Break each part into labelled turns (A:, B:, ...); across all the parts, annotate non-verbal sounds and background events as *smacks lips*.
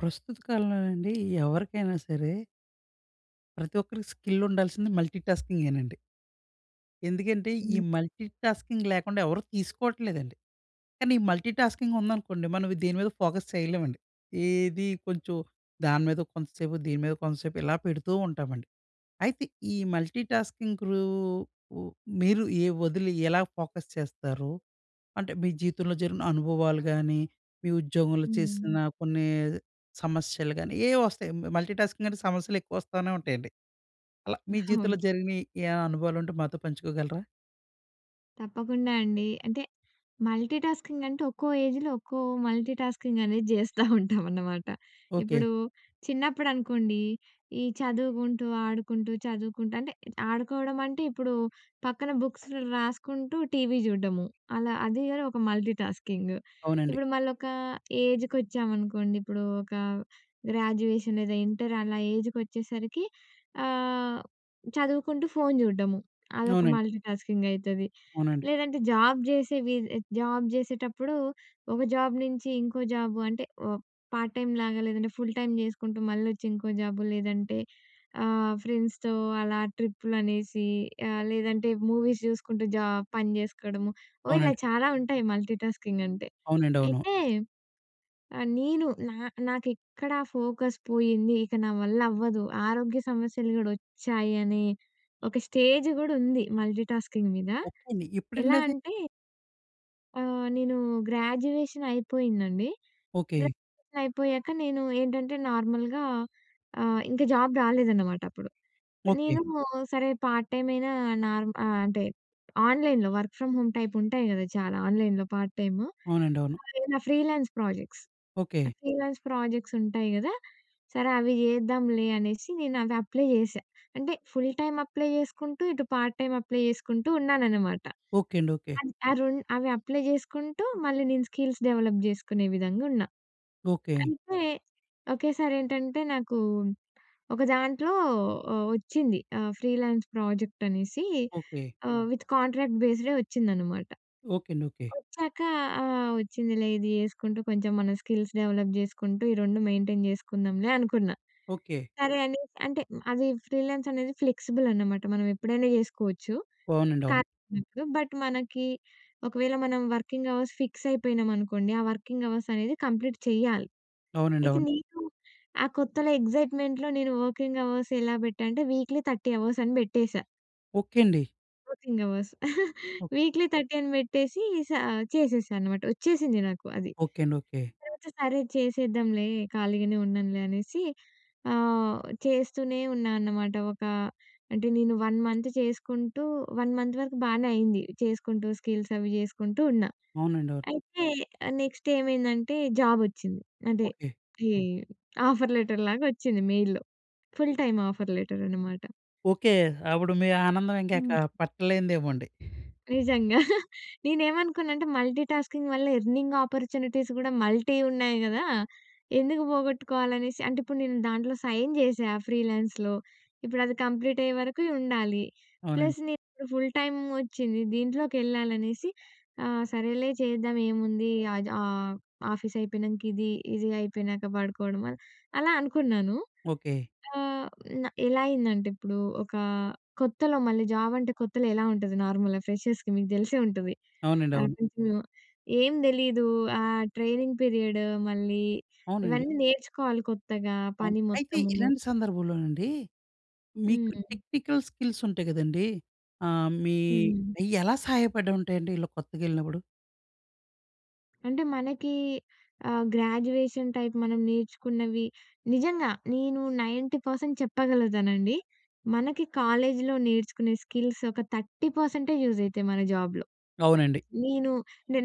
A: ప్రస్తుత కాలంలోనండి ఎవరికైనా సరే ప్రతి ఒక్కరికి స్కిల్ ఉండాల్సింది మల్టీటాస్కింగేనండి. ఎందుకంటే ఈ
B: హ్మ్.
A: మల్టీటాస్కింగ్ లేకుండా ఎవరు తీసుకోవట్లేదండి. కానీ ఈ మల్టీటాస్కింగ్ ఉందనుకోండి. మనం దేని మీద ఫోకస్ చేయలేమండి. ఏది కొంచెం దాని మీద కొంతసేపు, దీని మీద కొంతసేపు ఇలా పెడుతూ ఉంటామండి. అయితే ఈ మల్టీటాస్కింగ్ రూ మీరు ఏ వదిలి ఎలా ఫోకస్ చేస్తారు? అంటే మీ జీవితంలో జరిగిన అనుభవాలు కాని, మీ ఉద్యోగంలో చేసిన
B: హ్మ్.
A: కొన్ని సమస్యలు గానీ, ఏవో వస్తాయి మల్టీటాస్కింగ్ అంటే సమస్యలు ఎక్కువ వస్తానే ఉంటాయండి. అలా మీ
B: *chuckles* అవును.
A: జీవితంలో జరిగినయి ఏవైనా అనుభవాలు ఉంటే మాతో పంచుకోగలరా?
B: తప్పకుండా అండి. అంటే మల్టీటాస్కింగ్ అంటే ఒక్కో ఏజ్‌లో, ఒక్కో మల్టీటాస్కింగ్ అనేది జేస్తా ఉంటాం అనమాట.
A: ఓకే.
B: ఇప్పుడు చిన్నప్పుడు అనుకోండి, ఈ చదువుగుంటూ, ఆడుకుంటూ చదువుకుంటూ అంటే, ఆడుకోవడం అంటే ఇప్పుడు పక్కన బుక్స్‌లో రాసుకుంటూ టీవీ జూడ్డము. అలా అది కూడా ఒక మల్టీటాస్కింగ్.
A: అవునండి.
B: ఇప్పుడు మళ్ళొక ఏజ్‍కొచ్చామనుకోండి. ఇప్పుడు ఒక గ్రాడ్యుయేషన్ లేదా ఇంటర్ అలా ఏజ్‌కొచ్చేసరికి ఆహ్, చదువుకుంటూ, ఫోను చూడడము. అదొక
A: అవునండి.
B: మల్టీటాస్కింగ్ అయితది.
A: అవునండి.
B: లేదంటే జాబ్ జేసే వీ జాబ్ జేసేటప్పుడు ఒక జాబ్ నుంచి ఇంకో జాబ్ అంటే ఒ పార్ట్ టైమ్‌లాగా లేదంటే ఫుల్ టైమ్ చేసుకుంటూ మళ్ళొచ్చి ఇంకో జాబ్ లేదంటే ఆహ్, ఫ్రెండ్స్‌తో అలా ట్రిప్పులు అనేసి, ఆహ్, లేదంటే మూవీస్ జూసుకుంటూ, జాబ్ పని చేసుకోవడము ఓహ్! ఇలా
A: అవునండి.
B: చాలా ఉంటాయి మల్టీటాస్కింగ్ అంటే.
A: అవునండి. అవును.
B: అయితే ఆహ్, నేను నా నాకు ఎక్కడ ఫోకస్ పోయింది, ఇక నా వల్ల అవ్వదు, ఆరోగ్య సమస్యలు గూడా వచ్చాయని ఒక స్టేజ్ కూడా ఉంది మల్టీటాస్కింగ్ మీద.
A: ఓకే అండి.
B: ఎలా
A: ఎప్పుడండి అది?
B: అంటే ఆహ్, నేను గ్రాడ్యుయేషన్ అయిపోయిందండి.
A: ఓకే.
B: గ్రాడ్యుయేషన్ అయిపోయాక నేను ఏంటంటే, నార్మల్‍గా ఆహ్, ఇంకా జాబ్ రాలేదనమాట అప్పుడు.
A: ఓకే.
B: నేను సరే, పార్ట్ టైమ్ అయినా నార్మ ఆహ్, అంటే ఆన్‍లైన్‍లో వర్క్ ఫ్రమ్ హోమ్ టైప్ ఉంటాయి గదా చాలా ఆన్‍లైన్‍లో పార్ట్
A: అవునంది. అవును.
B: టైము.అవి ఎవైన freelance projects.
A: Okay.
B: Freelance projects ఉంటాయి గదా! సరే అవి జేద్దాంలే అనేసి నేనవి అప్లై చేశా. అంటే ఫుల్ టైమ్ అప్లై చేసుకుంటూ, ఇటు పార్ట్ టైమ్ అప్లై చేసుకుంటూ ఉన్నాననమాట.
A: ఓకే అండి. ఓకే.
B: అది ఆ 2 అవి అప్లై జేసుకుంటూ, మళ్ళీ నేను స్కిల్స్ డెవలప్ జేసుకునే విధంగున్నా.
A: ఓకే.
B: అయితే ఒకేసారెంటంటే, నాకు ఒక దాంట్లో ఒ ఒచ్చింది. ఆహ్, ఫ్రీలాన్స్ ప్రాజెక్టనేసి
A: ఓకే.
B: ఆహ్, విత్ కాంట్రాక్ట్ బేస్‌డే వచ్చిందనమాట.
A: ఓకే అండి. ఓకే.
B: వచ్చాక ఆహ్, వచ్చిందిలే ఇది చేసుకుంటూ కొంచెం మన స్కిల్స్ డెవలప్ జేసుకుంటూ, ఈ 2 మెయింటైన్ జేసుకుందాంలే అనుకున్నా.
A: ఓకే.
B: సరే అని, అంటే అది ఫ్రీలాన్స్ అనేది ఫ్లెక్సిబులన్నమాట మనం ఎప్పుడైనా చేసుకోవచ్చు.
A: అవునండి. అవును.
B: ఖాళీ అప్పుడు బట్, మనకి ఒకవేళ మనం వర్కింగ్ అవర్స్ ఫిక్సయిపోయినాం అనుకోండి, ఆ వర్కింగ్ అవర్సనేది కంప్లీట్ చేయాలి.
A: అవునండి.
B: అయితే,
A: అవును.
B: నేను ఆ కొత్తలో ఎక్సైట్మెంట్‌లో నేను వర్కింగ్ అవర్స్ ఎలా బెట్టానంటే, వీక్లీ 30 అవర్స్ అని బెట్టేసా.
A: ఓకె అండి.
B: Working hours *chuckles*
A: okay.
B: వీక్లీ 13 పెట్టేసి సా చేసేశా అనమాట. వచ్చేసింది నాకు అది.
A: ఓకే అండి. ఓకే.
B: తర్వాత సరే చేసేద్దాంలే, ఖాళీగానే ఉన్నానులే అనేసి ఆహ్, చేస్తూనే ఉన్నా అన్నమాట. ఒక అంటే, నేను 1 మంత్ చేసుకుంటూ, 1 మంత్ వరకు బానే అయింది. చేసుకుంటూ, స్కిల్సవి జేసుకుంటూ ఉన్నా.
A: అవునండి. అవును.
B: అయితే నెక్స్ట్ ఏమైందంటే, జాబొచ్చింది. అదే
A: ఓకే.
B: ఈ ఆఫర్ లెటర్ లాగొచ్చింది మెయిల్‌లో. ఫుల్ టైమ్ ఆఫర్ లెటరనమాట.
A: ఓకే. అప్పుడు మీ ఆనందం ఇంకా
B: హ్మ్.
A: ఎక్కడా పట్టలేనిదేమో అండి.
B: నిజంగా. *chuckles* నేనేమనుకున్నా అంటే మల్టీటాస్కింగ్ వల్ల ఎర్నింగ్ ఆపర్చునిటీస్ గూడా మల్టీ ఉన్నాయి గదా! ఎందుకు పోగొట్టుకోవాలనేసి, అంటే ఇప్పుడు నేను దాంట్లో సైన్ చేశా ఫ్రీలాన్స్‌లో. ఇప్పుడది కంప్లీట్ అయ్యేవరకు ఉండాలి.
A: అవునండి.
B: ప్లస్ నేను ఫుల్ టైమ్ ఒచ్చింది. దీంట్లోకెళ్ళాలనేసి ఆ! సరేలే చేద్దాం ఏముంది, ఆద్ ఆహ్, ఆఫీసయిపోయినంక ఇది, ఇది అయిపోయినాక పడుకోవడం, అలా అనుకున్నాను.
A: ఓకే.
B: ఆహ్, న ఎలా అయిందంటే ఇప్పుడు ఒక కొత్తలో మళ్ళీ జాబ్ అంటే కొత్తలో ఎలా ఉంటది? నార్మల్‌గా ఫ్రెషర్స్‌కి మీకు తెలిసే ఉంటది,
A: అవునండీ. అవును.
B: ఆఫీస్‌లో. ఏం తెలీదు, ఆ ట్రైనింగ్ పీరియడు మళ్ళీ,
A: అవునండి.
B: ఇవన్నీ నేర్చుకోవాలి కొత్తగా
A: అవున్
B: పని
A: అయితే
B: మొత్తము.
A: ఇలాంటి సందర్భంలోనండి, మీకు
B: హ్మ్.
A: టెక్నికల్ స్కిల్స్ ఉంటాయి గదండీ! ఆహ్, మీ
B: హ్మ్.
A: అయ్యెలా సహాయపడుంటాయండి ఇలా కొత్తగెళ్ళినప్పుడు?
B: అంటే మనకి ఆహ్, గ్రాడ్యుయేషన్ టైప్ మనం నేర్చుకున్నవి, నిజంగా నేను 90% చెప్పగలుగుతానండి. మనకి కాలేజీలో నేర్చుకునే స్కిల్స్ ఒక 30 పర్సెంటే యూజ్ అయితాయి, మన జాబ్‌లో.
A: అవునండి.
B: నేను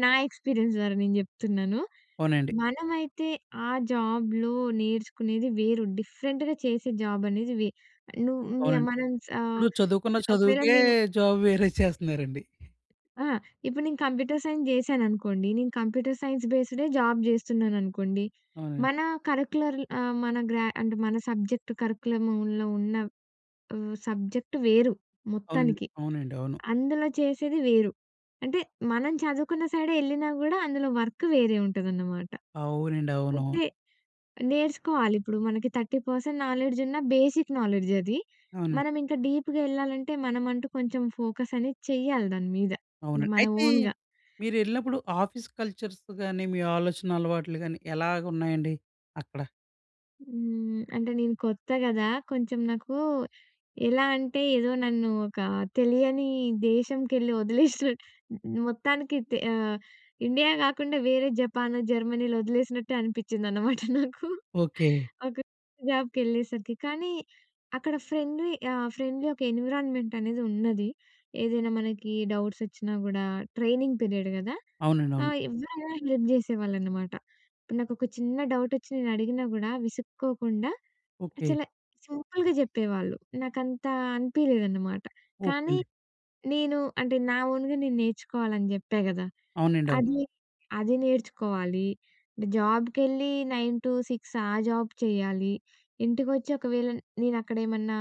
B: నా ఎక్స్‌పీరియన్స్ ద్వారా నేను జెప్తున్నాను.
A: అవునండి.
B: మనమైతే ఆ జాబ్‌లో నేర్చుకునేది వేరు. డిఫరెంట్‌గా చేసే జాబనేది వే నువ్వు మియ
A: అవునండి.
B: మనం సా
A: ఇప్పుడు చదువుకున్న
B: ఒకవేళ
A: చదువుకే
B: నేను
A: జాబ్ వేరే చేస్తున్నారండి.
B: ఆ! ఇప్పుడు నేను కంప్యూటర్ సైన్స్ చేశాననుకోండి. నేను కంప్యూటర్ సైన్స్ బేస్డే జాబ్ చేస్తున్నాననుకోండి.
A: అవునండి.
B: మన కరిక్యులర్ ఆహ్, మన గ్రా అంటే మన సబ్జెక్ట్ కరిక్యులములో ఉన్న ఆహ్, సబ్జెక్టు వేరు
A: అవునండి.
B: మొత్తానికి.
A: అవునండి. అవును.
B: అందులో చేసేది వేరు. అంటే మనం చదువుకున్న సైడే ఏళ్ళినా కూడా, అందులో వర్క్ వేరే ఉంటదనమాట.
A: అవునండి. అవును.
B: అయితే, నేర్చుకోవాలి ఇప్పుడు, మనకి 30% నాలెడ్జున్నా బేసిక్ నాలెడ్జది.
A: అవునండి.
B: మనం ఇంకా డీప్‍గా ఎళ్ళాలంటే, మనమంటూ కొంచెం ఫోకసనేది చేయాలి దాని మీద.
A: అవును.
B: అంటే, మన
A: అయితే
B: ఓన్‌గా.
A: మీరెళ్ళినప్పుడు ఆఫీస్ కల్చర్స్‌‌ గాని, మీ ఆలోచన అలవాట్లు‌ గాని, ఎలాగున్నాయండి అక్కడ?
B: హ్మ్. అంటే నేను కొత్త గదా! కొంచెం నాకు ఎలా అంటే, ఏదో నన్ను ఒక తెలియని దేశంకెళ్ళి *giggles* ఒదిలేసినట్ మొత్తానికి దె ఆహ్, ఇండియా కాకుండా వేరే జపానొ, జర్మనీలో వదిలేసినట్టే అనిపించిందనమాట నాకు.
A: ఓకే.
B: ఒక జాబ్‌కెళ్ళేసరికి. కానీ, అక్కడ ఫ్రెండ్లీ, ఆహ్, ఫ్రెండ్లీ ఒక ఎన్విరాన్మెంటనేది ఉన్నది. ఏదైనా మనకి డౌట్సొచ్చినా గూడా ట్రైనింగ్ పీరియడ్ గదా!
A: అవునండి. అవును.
B: ఆహ్, ఎవరైనా హెల్ప్ చేసేవాళ్ళనమాట. ఇప్పుడు నాకు ఒక చిన్న డౌటొచ్చి నేను అడిగినా గూడా, విసుక్కోకుండా
A: ఓకే
B: చాల సింపుల్‌గా చెప్పేవాళ్ళు. నాకంతా అనిపియలేదనమాట.
A: ఓకే
B: కానీ,
A: అండి.
B: నేను అంటే, నా ఓన్‌గా నేను నేర్చుకోవాలని చెప్పా గదా!
A: అవునండి. అవును.
B: అది అది నేర్చుకోవాలి. జాబ్‌కెళ్ళి 9-6 ఆ జాబ్ చేయాలి. ఇంటికొచ్చి, ఒకవేళ నేనక్కడ ఏమన్నా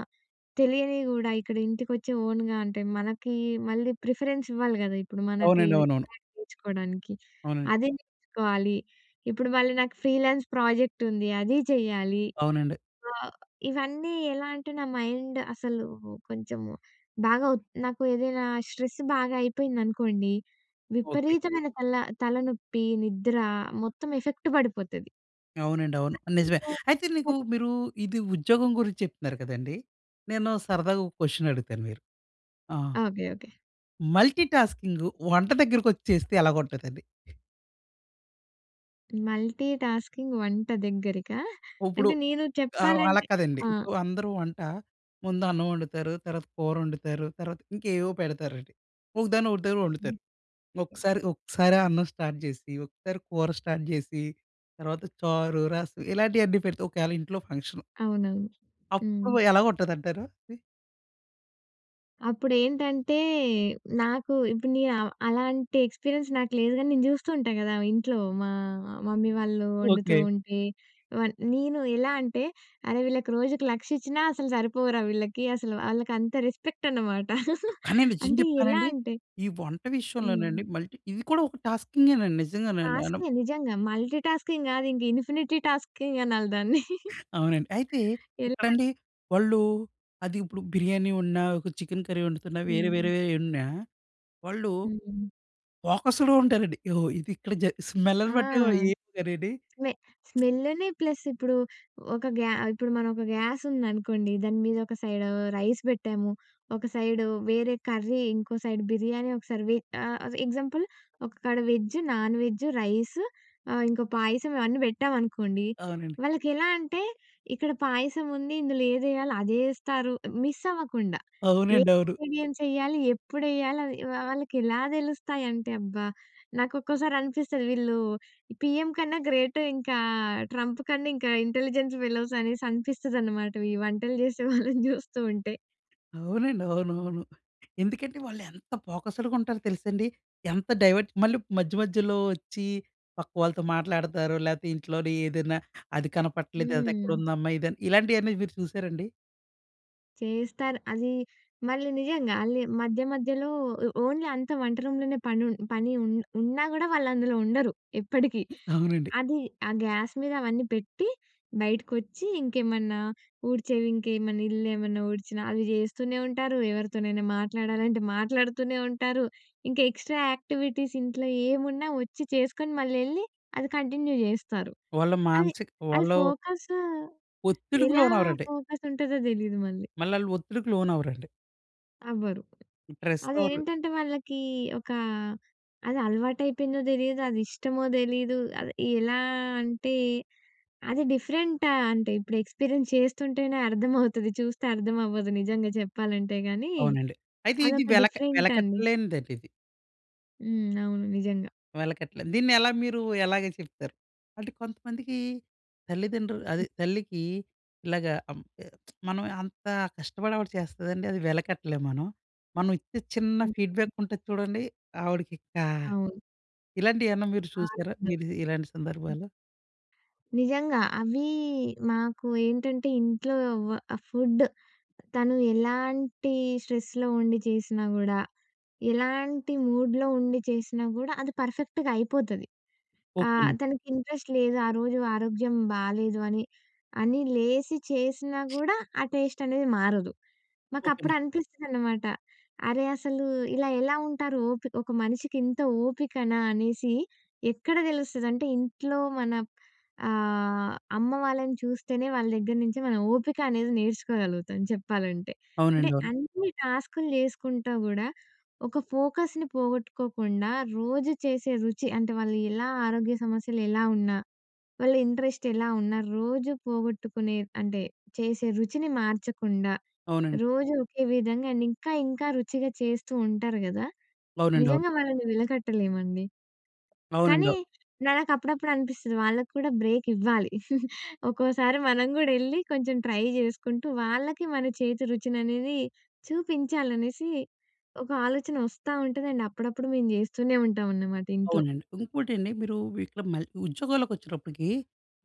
B: తెలియనివి గూడా ఇక్కడ ఇంటికొచ్చి ఓన్‍గా అంటే, మనకి మళ్ళీ ప్రిఫరెన్స్ ఇవ్వాలి గదా! ఇప్పుడు మనకి
A: అవునండి. అవునవును.
B: *unintelligible* నేర్చుకోవడానికి
A: అవునండి.
B: అదే నేర్చుకోవాలి. ఇప్పుడు మళ్ళీ నాకు ఫ్రీలాన్స్ ప్రాజెక్టుంది. అది చెయ్యాలి.
A: అవునండి.
B: ఆహ్, ఇవన్నీ ఎలా అంటే నా మైండ్ అసలు కొంచెము బాగా ఒ నాకు ఏదైనా స్ట్రెస్ బాగా అయిపోయిందనుకోండి,
A: ఓకే.
B: విపరీతమైన తల తలనొప్పి, నిద్ర మొత్తం ఎఫెక్ట్ పడిపోతది.
A: అవునండి. అవును. నిజమే. అయితే నీకు
B: *unintelligible*
A: మీరు, ఇది ఉద్యోగం గురించి చెప్తున్నారు కదండీ! నేను సరదాగా ఒక క్వశ్చన్ అడుగుతాను మీరు. ఆహ్,
B: ఓకె. ఓకె.
A: మల్టీ టాస్కింగు వంట దగ్గరకొచ్చేస్తే ఎలా ఉంటదండి?
B: మల్టీ టాస్కింగ్ వంట దగ్గరికా?
A: ఇప్పుడు
B: అంటే, నేను
A: ఆ! అలా
B: చెప్పాలంటే
A: కాదండి.
B: ఆ!
A: ఇప్పుడు అందరూ వంట, ముందు అన్నం వండుతారు. తర్వాత కూరొండుతారు. తర్వాత ఇంకేవో పెడతారండి. ఒకదాన్ని ఒకదాన్ని వండుతారు. ఒక్కసారి ఒక్కసారే అన్నం స్టార్ట్ జేసి, ఒక్కసారి కూర స్టార్ట్ జేసి తర్వాత చారు రసం ఇలాంటియన్నీ పెడితే, ఒకవేళ ఇంట్లో ఫంక్షన్
B: అవునవును. హ్మ్.
A: అప్పుడు ఎలాగుంటదంటారు అది?
B: అప్పుడేంటంటే, నాకు ఇప్పుడు నేను అ అలాంటి ఎక్స్‌పీరియన్స్ నాకు లేదు గాని నేను జూస్తూ ఉంటా గదా! ఇంట్లో. మా మమ్మీ వాళ్ళు వండుతూ
A: ఓకే.
B: ఉంటే వ నేను ఎలా అంటే, అరె! వీళ్ళకి రోజుకి లక్షిచ్చినా అసలు సరిపోవురా వీళ్ళకి అసలు. ఆళ్ళకి అంత రెస్పెక్టనమాట. *laughs*
A: కానీ నిజం
B: అంటే ఎలా
A: చెప్పానండి.
B: అంటే
A: ఈ వంట విషయంలోనండి
B: హ్మ్.
A: మల్టీ ఇది కూడా ఒక టాస్కింగేనండి. నిజంగానండి. *unintelligible*
B: టాస్కే నిజంగా, మల్టీ టాస్కింగ్ గాదు ఇంకా ఇన్ఫినిటీ టాస్కింగ్ అనాలి దాన్ని. *laughs*
A: అవునండి. అయితే
B: ఎలా అం
A: ఇక్కడండి వాళ్ళు అదిప్పుడు బిర్యానీ వండినా ఒక చికెన్ కర్రీ వండుతున్నా వేరే
B: హ్మ్.
A: వేరేయి వండినా వాళ్ళు
B: హ్మ్.
A: ఫోకస్‌డ్‌గా ఉంటారండి. ఓహొ! ఇది ఇక్కడ జ
B: ఆ!
A: స్మెల్ల్‌ని బట్టి వొ ఏం కర్రీ అని.
B: స్మె స్మెల్లుని ప్లస్ ఇప్పుడు ఒక గ్యా ఇప్పుడు మనం ఒక గ్యాసుందనుకోండి. దాని మీద ఒక సైడు రైస్ పెట్టాము, ఒక సైడు వేరే కర్రీ ఇంకో సైడ్ బిర్యానీ, ఒకసారి వి ఆహ్, ఎగ్జాంపుల్ ఒక కాడ వెజ్, నాన్ వెజు, రైసు ఆహ్, ఇంకో పాయసం ఇవన్నీ పెట్టామనుకోండి.
A: అవునండి.
B: వాళ్ళకెలా అంటే ఇక్కడ పాయసం ఉంది. ఇందులో ఏదెయాలో అదే యేస్తారు. మిస్సవ్వకుండా. ఏ
A: అవునండి. అవును.
B: ఇంగ్రీడియెంట్స్ యెయ్యాలి. ఎప్పుడెయ్యాలి అది వా వాళ్ళకి ఎలా దెలుస్తాయంటే, అబ్బా! నాకొక్కోసారి అనిపిస్తది వీళ్ళు పీఎం కన్నా గ్రేటు ఇంకా 'ట్రంప్' కన్నా ఇంకా ఇంటెలిజెన్స్ ఫెలోస్ అనేసనిపిస్తదనమాట. ఈ వంటలు చేసే వాళ్ళని జూస్తూ ఉంటే.
A: అవునండి. అవునవును. ఎందుకంటే, వాళ్ళు ఎంత ఫోకస్‌డ్‌గా ఉంటారో తెలుసండి. ఎంత డైవర్ట్ మళ్ళీ మధ్య మధ్యలో వచ్చి పక్కవాళ్ళతో మాట్లాడతారు. లేతే ఇంట్లోని ఏదైనా అది కనపట్లేదు అది
B: హ్మ్.
A: ఎక్కడుందమ్మా ఇది అన్ ఇలాంటియన్నీ మీరు చూసారండి?
B: చేస్తారు అది మళ్ళీ నిజంగా అల్లి మధ్య, మధ్యలో ఒ ఓన్లీ అంతా వంట రూమ్‍లోనే పని ఊన్ పని ఉ ఉన్నా కూడా వాళ్ళు అందులో ఉండరు ఎప్పటికీ.
A: అవునండి.
B: అది ఆ గ్యాస్ మీద అవన్నీ పెట్టి, బయటకొచ్చి ఇంకేమన్నా ఊడ్చేవి ఇంకేమన్నా, ఇల్లు ఏమన్నా ఊడ్చినా అవి జేస్తూనే ఉంటారు, ఎవరితోనైనా మాట్లాడాలంటే, మాట్లాడుతూనే ఉంటారు. ఇంకా ఎక్స్ట్రా యాక్టివిటీస్ ఇంట్లో ఏమున్నా వచ్చి చేసుకొని, మళ్లెళ్ళి, అది కంటిన్యూ జేస్తారు.
A: వాళ్ళ
B: అది,
A: మానసిక
B: అది
A: వాళ్ళు
B: ఫోకసు
A: ఒత్తిడికి
B: ఎలా
A: లోనవ్వరండి.
B: ఫోకస్ ఉంటదో తెలీదు మళ్ళీ.
A: మళ్ళా ఆళ్ళు ఒత్తిడికి లోనవ్వరండి.
B: అవ్వరు.
A: ప్రెస్ అవరు
B: అదేంటంటే, వాళ్ళకి ఒక అది అలవాటు అయిపోయిందో తెలీదు, అది ఇష్టమో తెలీదు. అది ఎలా అంటే, అది డిఫరెంట్ అంటే, ఇప్పుడు ఎక్స్పీరియన్స్ చేస్తుంటేనే అర్థమవుతది. *chuckles* చూస్తే అర్థం అవ్వదు. నిజంగా చెప్పాలంటే గాని,
A: అవునండి. అయితే, ఇది
B: అదొక
A: వెలక
B: డిఫరెంట్ అండి.
A: వెలకట్టలేనిదండి ఇది.
B: హ్మ్. అవును నిజంగా.
A: వెలకట్టలేనిది. దీన్ని ఎలా మీరు ఎలాగ చెప్తారు? అంటే కొంతమందికి, తల్లిదండ్రులు అదే తల్లికి, ఇలాగా అం ఎ *smacks lips* మనం అంత కష్టపడి ఆవిడ చేస్తదండి. అది వెలకట్టలేము మనం. మనం ఇచ్చే చిన్న
B: హ్మ్, హ్మ్.
A: ఫీడ్‌బ్యాక్ ఉంటది చూడండి, ఆవిడకి ఇంకా
B: అవును.
A: ఇలాంటివి ఏమన్నా మీరు చూసారా?
B: ఆనందం.
A: మీరు ఇలాంటి
B: హ్మ్.
A: సందర్భాలు?
B: నిజంగా అవి మాకు ఏంటంటే, ఇంట్లో వ ఆహ్, ఫుడ్ తను ఎలాంటి స్ట్రెస్‌లో ఉండి జేసినా గూడా, ఎలాంటి మూడ్‍లో ఉండి చేసినా కూడా, అది పర్ఫెక్ట్‌గా అయిపోతది.
A: ఓకె
B: ఆహ్,
A: అండి.
B: తనకి ఇంట్రెస్ట్ లేదు, ఆ రోజు ఆరోగ్యం బాలేదు, అని, అని లేసి చేసినా గూడా, ఆ టేస్టనేది మారదు.
A: ఓకె
B: మాకప్పుడు
A: అండి.
B: అనిపిస్తుందన్నమాట, అరే! అసలు ఇలా ఎలా ఉంటారు, ఓపి ఒక మనిషికి ఇంత ఓపికనా అనేసి ఎక్కడ తెలుస్తదంటే, ఇంట్లో మన ఆహ్, అమ్మ వాళ్ళని చూస్తేనే, వాళ్ళ దగ్గర నుంచె మనం ఓపిక అనేది నేర్చుకోగలుగుతాం, చెప్పాలంటే. అంటే
A: అవునండి, అవును.
B: అన్ని టాస్క్‌లు జేసుకుంటా గూడా, ఒక ఫోకస్‌ని పోగొట్టుకోకుండా రోజు చేసే రుచి అంటే వాళ్ళు ఎలా ఆరోగ్య సమస్యలు ఎలా ఉన్నా, వాళ్ళ ఇంట్రెస్ట్ ఎలా ఉన్నా, రోజు పోగొట్టుకునే అంటే చేసే రుచిని మార్చకుండా,
A: అవునండి.
B: రోజు ఒకే విధంగా అండ్ ఇంకా, ఇంకా రుచిగా చేస్తూ ఉంటారు గదా!
A: అవునండి, అవును.
B: నిజంగా వాళ్ళని విలకట్టలేమండి.
A: అవునండి
B: కానీ,
A: అవ్
B: నాకప్పుడప్పుడు అనిపిస్తది, వాళ్ళకి కూడా బ్రేక్ ఇవ్వాలి. *chuckles* ఒక్కోసారి మనం కూడెళ్లి, కొంచెం ట్రై చేసుకుంటూ, వాళ్ళకి మన చేతి రుచిననేది చూపించాలి అనేసి, ఒక ఆలోచన వస్తా ఉంటది అండ్ అప్పుడప్పుడు మేము జేస్తూనే ఉంటాం అన్నమాట ఇంట్లో.
A: అవునండి. ఇంకోటండి మీరు వి ఇక్కడ మల్ ఉద్యోగాలకొచ్చేటప్పటికి,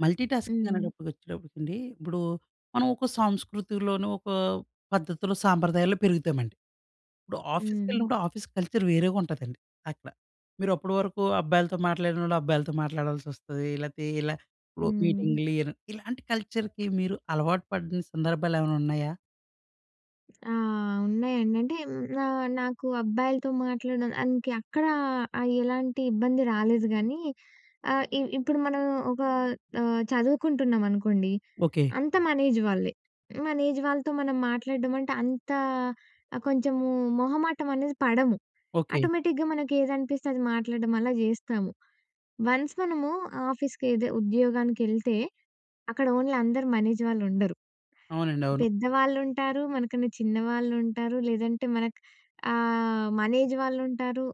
A: మల్టీటాస్కింగ్
B: హ్మ్.
A: అనేటప్పటికొచ్చేటప్పటికండి, ఇప్పుడు మనం ఒకో సంస్కృతిలోను, ఒక పద్ధతిలో సాంప్రదాయాల్లో పెరుగుతామండి. ఇప్పుడు
B: హ్మ్.
A: ఆఫీస్‌కెళ్ళినప్పుడు, ఆఫీస్ కల్చర్ వేరేగుంటదండి. అక్కడ. మీరు అప్పడు వరకు అబ్బాయిలతో మాట్లాడినోళ్ళు, అబ్బాయిలతో మాట్లాడాల్సొస్తది. లేతే ఇలా ఒ
B: హ్మ్.
A: మీటింగ్లు, ను ఇలాంటి కల్చర్‌కి, మీరు అలవాటు పడిన సందర్భాలు ఏమన్నా ఉన్నాయా?
B: ఆహ్, ఉన్నాయండి. అంటే హ్మ్, ఆహ్, నాకు అబ్బాయిలతో మాట్లాడడం దానికి ఎక్కడ ఆహ్, ఎలాంటి ఇబ్బంది రాలేదు గానీ, ఆహ్, ఇ ఇప్పుడు మనం ఒక ఆహ్, చదువుకుంటున్నామనుకోండి,
A: ఓకే.
B: అంతా మన ఏజ్ వాళ్ళే. మన ఏజ్ వాళ్ళతో మనం మాట్లాడడం అంటే అంత ఆహ్, కొంచెము మొహమాటమనేది పడము.
A: ఓకే.
B: ఆటోమేటిక్‌గా మనకి ఏదనిపిస్తే అది మాట్లాడడం అలా జేస్తాము. వన్స్ మనము ఆఫీస్‌ కేదె ఉద్యోగానికెళ్తే అక్కడ ఓన్లీ అందరూ మన ఏజ్ వాళ్ళు ఉండరు.
A: అవునండి. అవును.
B: పెద్దవాళ్ళుంటారు, మనకన్నా చిన్నవాళ్ళుంటారు లేదంటే మనకు ఆహ్, మన ఏజ్ వాళ్ళుంటారు.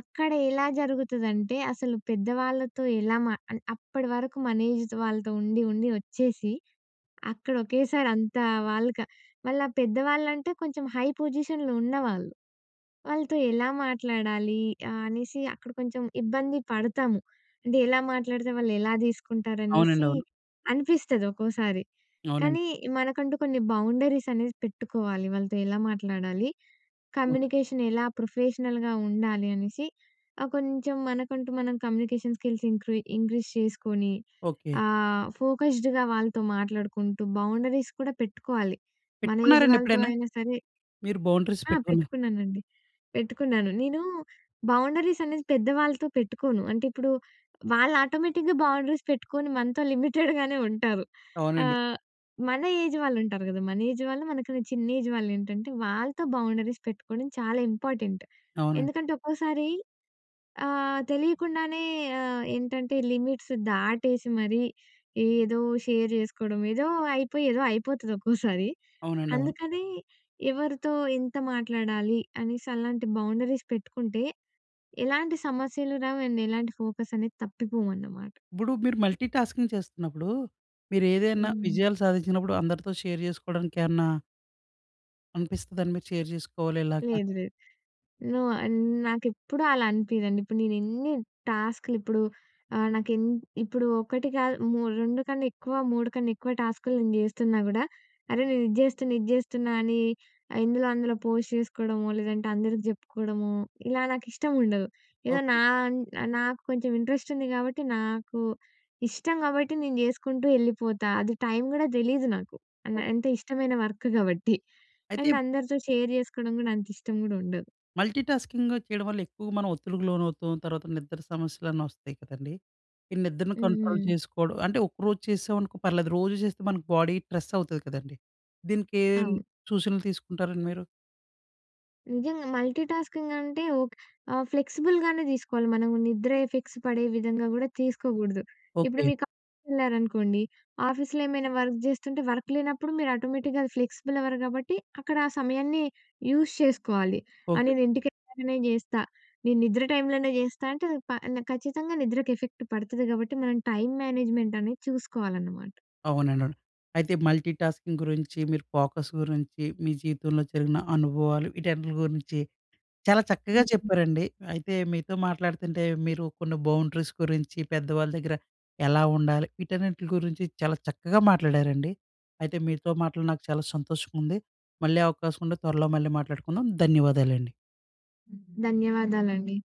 B: అక్కడ ఎలా జరుగుతదంటే, అసలు పెద్దవాళ్ళతో ఎలా మా ఆహ్, అప్పటి వరకు మన ఏజ్ వాళ్ళతో ఉండి, ఉండి వచ్చేసి, అక్కడ ఒకేసారి అంత వాళ్ళక వాళ్ళ పెద్దవాళ్ళంటే, కొంచెం హై పొజిషన్‍లో ఉన్నవాళ్ళు. వాళ్ళతో ఎలా మాట్లాడాలి, ఆహ్, అనేసి అక్కడ కొంచెం ఇబ్బంది పడతాము. అంటే ఎలా మాట్లాడితే వాళ్ళు ఎలా
A: అవునండి.
B: తీసుకుంటారనేసి
A: అవును.
B: అనిపిస్తది ఒకోసారి.
A: అవునండి.
B: కానీ, మనకంటూ కొన్ని బౌండరీసనేసి పెట్టుకోవాలి, వాళ్ళతో ఎలా మాట్లాడాలి,
A: హ్మ్.
B: కమ్యూనికేషన్ ఎలా ప్రొఫెషనల్‌గా ఉండాలి, అనేసి ఆహ్, కొంచెం మనకంటూ మనం కమ్యూనికేషన్ స్కిల్స్ ఇంక్రీ ఇంక్రీజ్ చేసుకొని,
A: ఓకే.
B: ఆహ్, ఫోకస్డ్‌గా వాళ్ళతో మాట్లాడుకుంటూ, బౌండరీస్ కూడా పెట్టుకోవాలి మన ఏజ్
A: పెట్టుకున్నారండి
B: వాళ్ళతో
A: ఎప్పుడైనా?
B: అయినా సరే.
A: మీరు బౌండరీస్
B: ఆహ్,
A: పెట్టుకున్నా
B: పెట్టుకున్నానండి. పెట్టుకున్నాను. నేను బౌండరీసనేది పెద్ద వాళ్ళతో పెట్టుకోను. అంటే ఇప్పుడు, వాళ్ళు ఆటోమేటిక్‌గా బౌండరీస్ పెట్టుకొని మనతో లిమిటెడ్‍గానే ఉంటారు.
A: అవునండి.
B: ఆహ్, మన ఏజ్ వాళ్ళు ఉంటారు కదా! మన ఏజ్ వాళ్ళు, మనకన్నా చిన్న ఏజ్ వాళ్ళు ఏంటంటే, వాళ్ళతో బౌండరీస్ పెట్టుకోవడం చాలా ఇంపార్టెంట్.
A: అవునండి.
B: ఎందుకంటే ఒక్కోసారి ఆహ్, తెలియకుండానే ఆహ్, ఏంటంటే లిమిట్స్ దాటేసి మరి ఏదో షేర్ జేసుకోవడం, ఏదో అయిపోయి, ఏదో అయిపోతది ఒక్కోసారి.
A: అవునండి. అవును.
B: అందుకని ఎవరితో ఇంత మాట్లాడాలి అనేసి అలాంటి బౌండరీస్ పెట్టుకుంటే, ఎలాంటి సమస్యలు రావు అండ్ ఎలాంటి ఫోకసనేది తప్పిపోమన్నమాట.
A: ఇప్పుడు మీరు మల్టీటాస్కింగ్ చేస్తున్నప్పుడు, మీరు ఏదైనా
B: హ్మ్.
A: విజయాలు సాధించినప్పుడు అందరితో షేర్ చేసుకోవడానికి ఏవన్నా అనిపిస్తదండి మీరు షేర్ చేసుకోవాలి ఇలాగా.
B: లేదు, లేదు. నో. ఆహ్, నాకెప్పుడూ అలా అనిపియదండి. ఇప్పుడు నేను ఎన్ని టాస్కులిప్పుడు ఆహ్, నాకు ఎన్ ఇప్పుడు ఒకటి కాదు మూ 2 కన్నెక్కువ 3 కన్నెక్కువ టాస్కులు నేను జేస్తున్నా గుడా, అరే! నేను ఇది జేస్తున్నా, ఇది జేస్తున్నా అని ఆహ్, ఇందులో అందులో పోస్ట్ జేసుకోవడమో. లేదంటే? అందరికి జెప్పుకోవడమో ఇలా నాకు ఇష్టం ఉండదు. ఏదో
A: ఓకె.
B: నా అన్ నాకు కొంచెం ఇంట్రెస్టుంది గాబట్టి, నాకు ఇష్టం గాబట్టి ,నేను జేసుకుంటూ ఎళ్ళిపోతా. అది టైం కూడా దెలీదు నాకు. అం
A: ఓకే.
B: అంటే ఇష్టమైన వర్క్ కాబట్టి. *giggles*
A: అయితే
B: అండ్
A: ఇప్
B: అందరితో షేర్ చేసుకోవడం కూడా అంత ఇష్టం గుడుండదు.
A: మల్టీటాస్కింగూ చేయడం వల్ల ఎక్కువగా మనం ఒత్తిడికి లోనవుతాం. తర్వాత నిద్ర సమస్యలన్నీ వస్తాయి కదండీ. ఈ నిద్రను
B: హ్మ్.
A: కంట్రోల్
B: హ్మ్.
A: చేసుకోవడం అంటే, ఒకరోజు చేసామనుకో పర్లేదు. రోజు చేస్తే మనకి బాడీ స్ట్రెస్ అవుతుంది కదండీ. దీనికి ఏం
B: అవును.
A: సూచనలు తీసుకుంటారండి మీరు?
B: నిజంగా. మల్టీటాస్కింగ్ అంటే ఓక్ ఆహ్, ఫ్లెక్సిబుల్‌గానే దీసుకోవాలి మనం. నిద్ర ఎఫెక్ట్స్ పడే విధంగా గూడా తీసుకోకూడదు. ఇప్పుడు
A: ఓకె.
B: మీకు ఆఫీస్ వెళ్లారనుకోండి, ఆఫీస్‌లో ఏమైనా వర్క్ జేస్తుంటే వర్క్ లేనప్పుడు మీరు ఆటోమేటిక్‌గా ఫ్లెక్సిబుల్ అవర్ గాబట్టి, అక్కడ ఆ సమయాన్ని యూజ్ చేసుకోవాలి. ఆ!
A: ఓకె.
B: నేను ఇంటికెళ్ళాకనే జేస్తా. నేను నిద్ర టైంలోనే చేస్తా అంటే, అది పా నా ఖచ్చితంగా నిద్రకి ఎఫెక్ట్ పడుతది గాబట్టి మనం టైమ్ మేనేజ్‍మెంట్ అనేది చూసుకోవాలనమాట.
A: అవునండి, అవును. అయితే మల్టీటాస్కింగ్ గురించి, మీరు ఫోకస్ గురించి మీ జీవితంలో జరిగిన అనుభవాలు వీటన్నింటి గురించి చాలా చక్కగా
B: హ్మ్. హ్మ్.
A: చెప్పారండి. అయితే మీతో మాట్లాడతంటే మీరు కొన్ని బౌండరీస్ గురించి, పెద్దవాళ్ళ దగ్గర ఎలా ఉండాలి? వీటన్నింటి గురించి చాలా చక్కగా మాట్లాడారండి. అయితే మీతో మాట్లాడి నాకు చాలా సంతోషంగా ఉంది. మళ్ళీ అవకాశం ఉంటే త్వరలో మళ్ళీ మాట్లాడుకుందాం. ధన్యవాదాలండి.
B: ధన్యవాదాలండి.